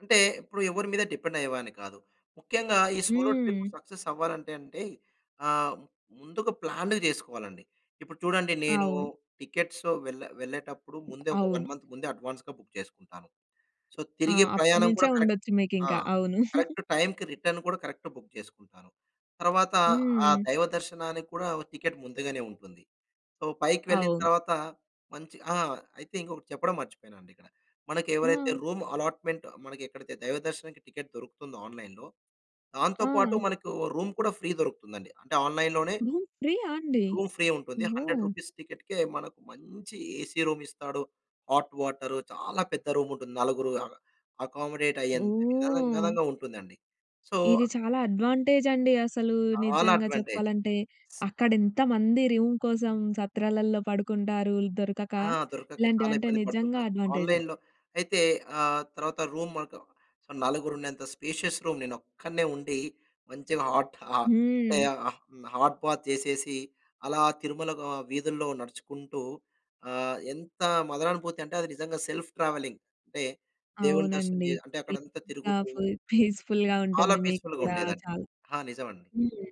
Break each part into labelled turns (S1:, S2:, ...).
S1: అంటే ఇప్పుడు ఎవరి మీద డిపెండ్ అయ్యేవాడిని కాదు. ముఖ్యంగా ఈ సోలో ట్రిప్
S2: హ్మ్.
S1: సక్సెస్ అవ్వాలంటే అంటే ఆహ్, ముందుగా ప్లాన్డ్‌గా చేసుకోవాలండి. ఇప్పుడు చూడండి నేను
S2: అవు
S1: టికెట్స్ వెళ్ళే వెళ్ళేటప్పుడు ముందే ఒక 1
S2: అవును.
S1: మంత్ ముందే అడ్వాన్స్‌గా బుక్ చేసుకుంటాను. సో,
S2: ఆ!
S1: తిరిగి ప్రయాణం
S2: అప్పటినుంచే
S1: కూడా కరెక్ట్
S2: ఉండొచ్చు మీకు
S1: ఆ!
S2: ఇంకా. అవును.
S1: కరెక్ట్ టైమ్‌కి రిటర్న్ కూడా కరెక్ట్ బుక్ చేసుకుంటాను. తర్వాత ఆహ్,
S2: హ్మ్.
S1: దైవ దర్శనానికి కూడా టికెట్ ముందుగానే ఉంటుంది. సో, పైకి వెళ్ళిన
S2: అవును.
S1: తరువాత మంచి ఆ! అయితే ఇంకొకటి చెప్పడం మర్చిపోయానండి ఇక్కడ. మనకెవరైతే
S2: హ్మ్.
S1: రూమ్ అలాట్మెంట్ మనకి ఎక్కడైతే దైవ దర్శనానికి టికెట్ దొరుకుతుందో ఆన్లైన్‌లో, దాంతో పాటు
S2: ఆ!
S1: మనకు రూమ్ కూడా ఫ్రీ దొరుకుతుంది అండి. అంటే ఆన్లైన్‌లోనే...
S2: హ్మ్. ఫ్రీ ఆ! అండి?
S1: రూమ్ ఫ్రీ ఉంటుంది. 100
S2: ఓహ్!
S1: రూపీస్ టికెట్‌కి మనకు మంచి ఏసీ రూమ్ ఇస్తాడు. హాట్ వాటర్ చాలా పెద్ద రూమ్ ఉంటుంది. నలుగురు అ అకామోడేట్ అయ్యే అంతా
S2: ఓహ్!
S1: విశాలంగా ఉంటుందండి. సో
S2: ఇది చాలా అడ్వాంటేజ్ అండి అసలు.
S1: చాలా
S2: నిజంగా
S1: అడ్వాంటేజ్.
S2: చెప్పాలంటే. అక్కడ ఎంతమంది రూమ్ కోసం సత్రాలలో పడుకుంటారు ఇది దొరకక.
S1: ఆ! దొరకక
S2: ఇలాంటివి
S1: చాలా
S2: అంటే
S1: ఇబ్బంది
S2: నిజంగా
S1: పడుతుంటారు.
S2: అడ్వాంటేజే.
S1: ఆన్లైన్‌లో అయితే ఆ! తర్వాత రూమ్ మాత్రం నలుగురు ఉండేంత స్పేషియస్ రూమ్. నేను ఒక్కడినే ఉండి, మంచిగా హాట్ అంటే
S2: హ్మ్.
S1: హాట్ బాత్ చేసేసి, అలా తిరుమల వీ వీధుల్లో నడుచుకుంటూ ఆహ్, ఎంత మదరానుభూతి అంటే అది నిజంగా సెల్ఫ్ ట్రావెలింగ్. అంటే దేవుని దర్శనం
S2: అవునండి.
S1: చేసి ఆహ్, అంటే అక్కడంతా తిరుగుతూ...
S2: [unintelligible] పీస్‌ఫుల్‌గా
S1: చాలా
S2: ఉంటుంది మీకు
S1: పీస్‌ఫుల్‌గా
S2: కూడా
S1: ఉండేదండి.
S2: చాలా.
S1: ఆ! నిజమండి.
S2: హ్మ్.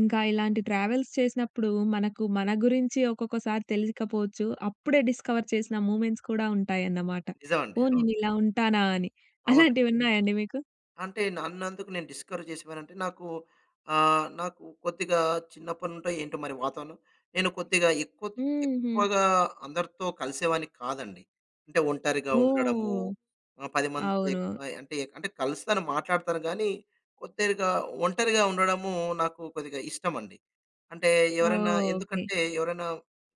S2: ఇంకా ఇలాంటి ట్రావెల్స్ చేసినప్పుడు మనకు మన గురించి ఒక్కొక్కసారి తెలియకపోవచ్చు. అప్పుడే డిస్కవర్ చేసిన మూవ్మెంట్స్ కూడా ఉంటాయన్నమాట.
S1: నిజమండి.
S2: ఓహ్!
S1: అవును.
S2: నేను ఇలా ఉంటానా అని.
S1: అవునండి.
S2: అలాంటివి ఉన్నాయా అండి మీకు?
S1: అంటే నన్నందుకు నేను డిస్కరేజ్ చేసేవానంటే నాకు. ఆహ్, నాకు కొద్దిగా చిన్నప్పటి నుంచో ఏంటో మరి వాతావరణం నేను కొద్దిగా ఎక్కువ
S2: హుహు.
S1: ఎక్కువగా అందరితో కలిసేవాడిని కాదండి. అంటే ఒంటరిగా ఉండడము,
S2: ఓహ్!
S1: 10తో
S2: అవును.
S1: అంటే ఎక్కు అంటే కలుస్తాను. మాట్లాడతాను గానీ, కొద్దిగా ఒంటరిగా ఉండడము నాకు కొద్దిగా ఇష్టమండి. అంటే ఎవరన్నా
S2: ఓకే.
S1: ఎందుకంటే, ఎవరైనా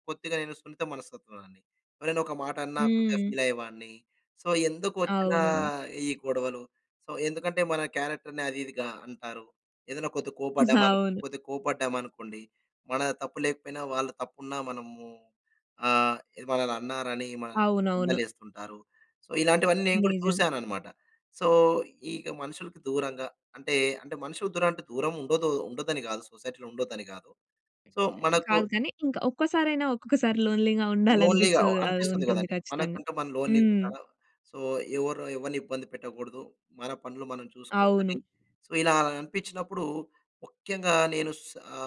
S1: కొద్దిగా నేను సున్నిత మనస్తత్వంని. ఎవరైనా ఒక మాట అన్నా కొద్దిగా
S2: హ్మ్.
S1: ఫీల్ అయ్యేవాడిని. సో, ఎందుకు వచ్చిన
S2: అవును.
S1: ఈ గొడవలు. సో, ఎందుకంటే మన క్యారెక్టర్‌ని అది ఇదిగా అంటారు. ఏదైనా కొద్దిగా కోప్పడ్డామను,
S2: అవును.
S1: కొద్దిగా కోప్పడ్డామనుకోండి, మన తప్పు లేకపోయినా వాళ్ళు తప్పున్నా మనము ఆహ్, ఏది మనని అన్నారని మనల్ని
S2: అవునవును.
S1: నిందలేస్తుంటారు. సో, ఇలాంటివన్నీ నేను కూడా
S2: నిజం.
S1: చూసానన్నమాట. సో, ఇక మనుషులకి దూరంగా అంటే అంటే మనుషుల దూర దూరం ఉండదు ఉండ్డోదని కాదు. సొసైటీలో ఉండ్డోదని కాదు. సో, మనకు
S2: కాదు కానీ ఇంకా ఒక్కసారయిన ఒక్కొక్కసారి లోన్లీ‌గా ఉండాలి
S1: లోన్లీ‌గా ఆహ్,
S2: అనిపించదు
S1: అనిపిస్తుంది
S2: ఉంటుంది
S1: కదండీ.
S2: ఖచ్చితంగా.
S1: మనకంటూ మనం
S2: హ్మ్.
S1: లోన్లీ‌గా. సో, ఎవరు ఎవరిని ఇబ్బంది పెట్టకూడదు. మన పనులు మనం చూసుకోవాలి.
S2: అవును.
S1: సో, ఇలా అనిపించినప్పుడు ముఖ్యంగా నేను సా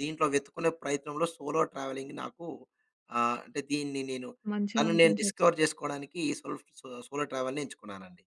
S1: దీంట్లో వెతుక్కునే ప్రయత్నంలో సోలో ట్రావెలింగ్ నాకు ఆహ్, అంటే దీన్ని నేను
S2: మంచిగా
S1: తను నేను
S2: అనిపించొచ్చు.
S1: డిస్కవర్ చేసుకోవడానికి ఈ సెల్ఫ్ సోలో ట్రావెల్‌ని ఎంచుకున్నానండి.